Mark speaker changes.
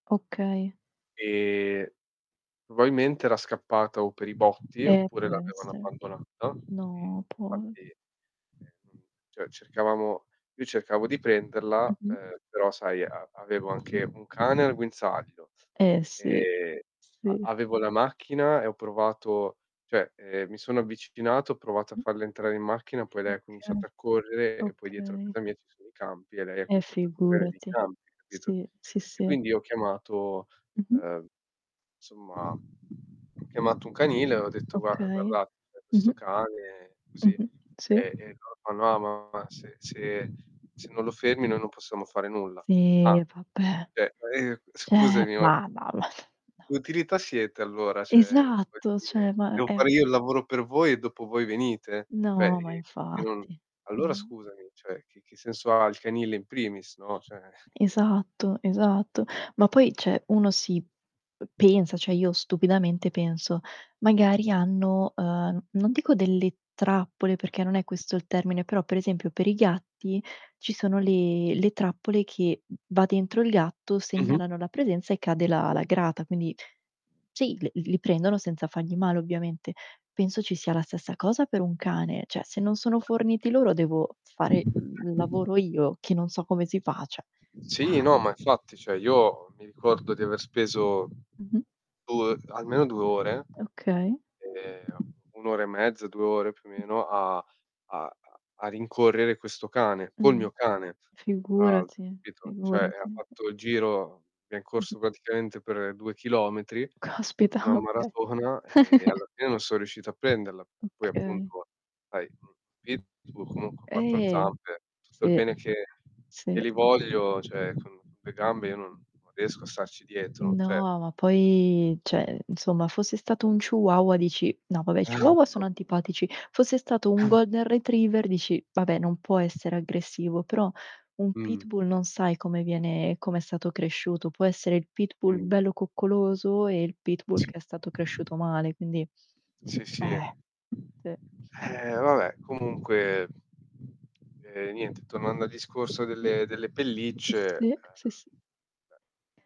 Speaker 1: Okay.
Speaker 2: Ehm, probabilmente era scappata o per i botti
Speaker 1: Eh,
Speaker 2: oppure
Speaker 1: può
Speaker 2: l'avevano
Speaker 1: essere.
Speaker 2: abbandonata e
Speaker 1: No, può.
Speaker 2: infatti e non cioè cercavamo io cercavo di prenderla,
Speaker 1: Mh-mh.
Speaker 2: ehm, però sai a avevo anche un cane al guinzaglio,
Speaker 1: Eh sì,
Speaker 2: ehm, a
Speaker 1: sì.
Speaker 2: avevo la macchina e ho provato cioè, ehm, mi sono avvicinato, ho provato a
Speaker 1: Mh-mh.
Speaker 2: farla entrare in macchina, poi lei ha
Speaker 1: Okay,
Speaker 2: cominciato a correre e poi dietro a
Speaker 1: okay.
Speaker 2: casa mia ci sono i campi e lei
Speaker 1: Eh
Speaker 2: cominciato a correre nei
Speaker 1: figurati.
Speaker 2: campi, capito?
Speaker 1: Sì, sì
Speaker 2: E
Speaker 1: sì.
Speaker 2: quindi ho chiamato,
Speaker 1: Mh-mh.
Speaker 2: ehm, somma, ho chiamato un canile e ho detto: "Guarda
Speaker 1: Okay.
Speaker 2: guardate, c'è questo
Speaker 1: Mh-mh.
Speaker 2: cane", così,
Speaker 1: Mh-mh. Sì.
Speaker 2: e, ehm, loro fanno: "Ah, ma se se se non lo fermi noi non possiamo fare nulla".
Speaker 1: Sì,
Speaker 2: "Ah,
Speaker 1: vabbè.
Speaker 2: cioè [unintelligible]
Speaker 1: Cioè
Speaker 2: scusami, ma"
Speaker 1: ma va va. No.
Speaker 2: "utilità siete allora?" Cioè, per
Speaker 1: Esatto, cioè
Speaker 2: dire,
Speaker 1: ma
Speaker 2: devo
Speaker 1: è
Speaker 2: fare io il lavoro per voi e dopo voi venite? Cioè
Speaker 1: No, ma
Speaker 2: e e non
Speaker 1: infatti.
Speaker 2: allora
Speaker 1: No.
Speaker 2: scusami, cioè che che senso ha il canile in primis, no, cioè.
Speaker 1: Esatto, esatto. Ma poi, cioè uno si p pensa, cioè io stupidamente penso. Magari hanno, ehm, non dico delle trappole perché non è questo il termine, però per esempio per i gatti ci sono le le trappole che, va dentro il gatto,
Speaker 2: Mh-mh.
Speaker 1: segnalano la presenza e cade la la grata, quindi sì l li prendono senza fargli male, ovviamente. Penso ci sia la stessa cosa per un cane, cioè se non sono forniti loro devo fare l lavoro io, che non so come si fa, cioè.
Speaker 2: Sì, no,
Speaker 1: Dai.
Speaker 2: ma infatti, cioè io mi ricordo di aver speso
Speaker 1: Mh-mh.
Speaker 2: 2 almeno 2 ore,
Speaker 1: Okay.
Speaker 2: ehm, 1 ora e mezza, 2 ore più o
Speaker 1: Mh-mh.
Speaker 2: meno a a a rincorrere questo cane. Col
Speaker 1: Mh-mh.
Speaker 2: mio cane. Fra l'altro,
Speaker 1: Figurati,
Speaker 2: capito? Cioè e ha
Speaker 1: figurati.
Speaker 2: fatto il giro, abbiam
Speaker 1: Mh-mh.
Speaker 2: corso praticamente per 2 chilometri,
Speaker 1: Caspita,
Speaker 2: una
Speaker 1: ma che
Speaker 2: maratona e alla fine non son riuscito a prenderla. Poi
Speaker 1: Okay.
Speaker 2: appunto, sai un pitbull, comunque 4
Speaker 1: Eh.
Speaker 2: zampe, tutto il
Speaker 1: Sì,
Speaker 2: bene che che
Speaker 1: sì
Speaker 2: li
Speaker 1: sì.
Speaker 2: voglio, cioè con le gambe io non non riesco a starci dietro, cioè
Speaker 1: No, ma poi cioè insomma fosse stato un chihuahua dici no vabbè i chihuahua sono
Speaker 2: [unintelligible]
Speaker 1: antipatici, fosse stato un Golden Retriever dici: "Vabbè, non può essere aggressivo", però un
Speaker 2: Mh.
Speaker 1: pitbull non sai come viene come è stato cresciuto. Può essere il pitbull
Speaker 2: Mh.
Speaker 1: bello coccoloso e il pitbull
Speaker 2: Sì.
Speaker 1: che è stato cresciuto male, quindi
Speaker 2: Sì, sì e
Speaker 1: eh. Sì.
Speaker 2: eh, vabbè comunque eh, niente tornando al discorso
Speaker 1: Mh-mh.
Speaker 2: delle delle pellicce, ehm
Speaker 1: Sì, sì sì.
Speaker 2: [unintelligible]